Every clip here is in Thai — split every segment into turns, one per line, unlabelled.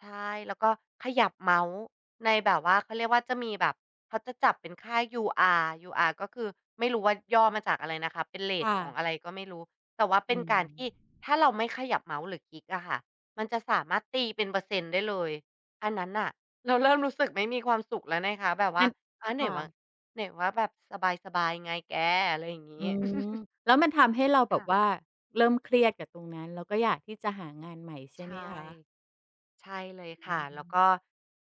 ใช่ แล้วก็ขยับเมาส์ในแบบว่า เขาเรียกว่า จะมีแบบเขาจะจับเป็นค่า UR UR ก็คือไม่รู้ว่าย่อมาจากอะไรนะคะ เป็นเร
ค
ต
่
ของ
ะ
อะไรก็ไม่รู้ แต่ว่าเ
อ
ป็
ื
นการที
ม
่ถ้าเราไม่ขยับเมาส์ หรือคลิกอะค่ะ มันจะสามารถตีเป็นเปอร์เซ็นต์ได้เลย อันนั้นน่ะ เราเริ่ม รู้สึกไม่มีความสุขแล้วนะคะ แบบว
ง
่า
ั้น
"อ้าว ไห
ค
น
่
ว่า
ะ
ไหนว่าแบบสบาย ๆ ไงแก" อะไรอย่างงี
อื
้
ม แล้วมันทำให้เราแ
ค
บ
่
บ
ะ
ว่าเริ่มเครียดกับตรงนั้น แล้วก็อยากที่จะหางานใหม่ใช
ใ
่
ช
ไ
่
หมคะ?
ใช่เลย
อ
ค
ื
่ะ แล้วก
ม
็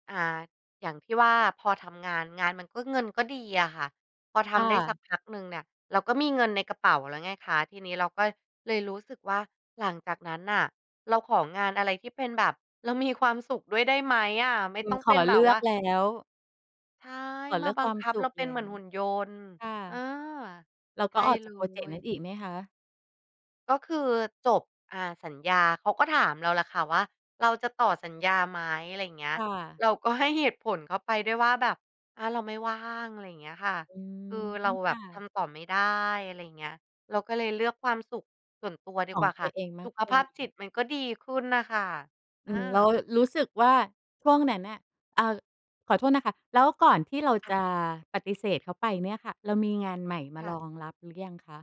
อ่า อย่างที่ว่าพอทำงาน งานมันก็ เงินก็ดีอะค่ะ พอท
ค่
ำได้สั
ะ
กพักหนึ่งเนี่ยเราก็มีเงินในกระเป๋าแล้วไงคะ ทีนี้เราก็เลยรู้สึกว่าหลังจากนั้นน่ะ เราของานอะไรที่เป็นแบบเรามีความสุขด้วยได้ไหมอะ ไม่
อื
ต้
อ
อง
ข
เป็
อ
นแบ
เล
บ
ื
ว
อ
่า
กแล้ว
ใช่
ขอเ
ม
ล
า
ือก
บั
ค
ง
วาม
คับ
ส
เ
ุ
รา
ข
เป็
แ
น
ล
เ
้
หมือน
ว
หุ่นยนต์
ค่ะ
เออ
เรา
ใช
ก็
่
ออก
เ
จ
ล
ากพรอเจกต์นั้น
ย
อีกไหมคะ?
ก็คือจบ อ่า สัญญา เขาก็ถามเราแหละค่ะว่า "เราจะต่อสัญญาไหม?" อะไรอย่างเงี้
ค
ย
่ะ
เราก็ให้เหตุผลเขาไปด้วยว่าแบบ "อา เราไม่ว่าง" อะไรเงี้ยค่ะ
อืม
คือเราแ
ค
บ
่
บท
ะ
ำต่อไม่ได้ อะไรเงี้ย เราก็เลยเลือกความสุขส่วนตัวดี
ขอ
กว
ง
่าค
ตั
่ะ
วเองม
ส
า
ุ
ก
ข
ก
ภ
ว่
าพจิต
า
มันก็ดีขึ้นน่ะค่ะ
อ
อ
ือ แล้ว
า
รู้สึกว่าช่วงนั้นน่ะ เอ่อ ขอโทษนะคะ แล้วก่อนที่เรา
ค่
จ
ะ
ะปฏิเสธเขาไปเนี่ยค่ะ เรามีงานใหม่มา
ค่
ร
ะ
องรับหรือยังคะ?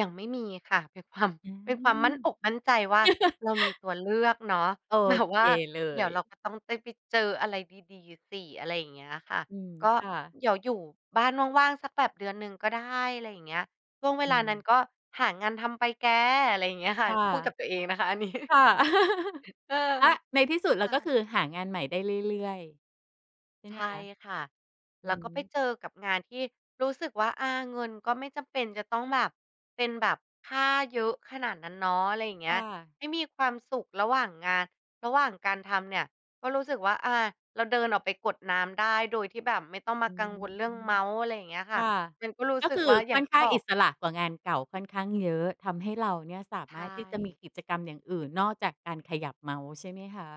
ยังไม่มีค่ะ เป็น ความ
อื
เป็นความมั่น
ม
อกมั่นใจว่าเรามีตัวเลือกเนาะ
โอ
แบบ
เค
ว่า
เล
"เดี๋ยวเรา
ย
ก็ต้องได้ไปเจออะไรดี ๆ สิ" อะไรอย่างเงี้ยค่ะ
อืม
ก็
ค่ะ
เดี๋ยวอยู่บ้านว่าง ๆ สักแบบเดือนหนึ่งก็ได้ อะไรอย่างเงี้ย "ช่วงเว
อ
ลา
ื
นั้น
ม
ก็หางานทำไปแก" อะไรเงี้ยค่
ค
ะ
่ะ
พูดกับตัวเองนะคะ อันนี้
ค่ะ
เออ
อา ในที่สุด เร
ค
า
่
ก็ค
ะ
ือหางานใหม่ได้เรื่อย ๆ ใช่
ใ
ไ
ช
หมค
่
ะ?
ค่ะ
อื
แล้วก็ไป
ม
เจอกับงานที่รู้สึกว่า อา เงินก็ไม่จำเป็นจะต้องแบบ เป็นแบบค่าเยอะขนาดนั้นเนาะ อะไรอย่างเง
ค
ี้
่
ย
ะ
ไม่มีความสุขระหว่างงาน ระหว่างการทำเนี่ย ก็รู้สึกว่า อ่า เราเดินออกไปกดน้ำได้ โดยที่แบบไม่ต้องม
อ
า
ื
กัง
ม
วลเรื่องเมาส์ อะไรอย่างเงี้ยค
ค
่ะ
่ะ
มันก็รู้
ก็
ส
ค
ึก
ื
ว
อ
่าอย
ค
่า
่
ง
อน
ที
ข
่
้า
บ
ง
อ
อิ
ก
สระกว่างานเก่าค่อนข้างเยอะ ทำให้เราเนี่ยสา
ใช
มารถที่จะมี
่
กิจกรรมอย่างอื่นนอกจากการขยับเเมาส์ใช่ไหมคะ?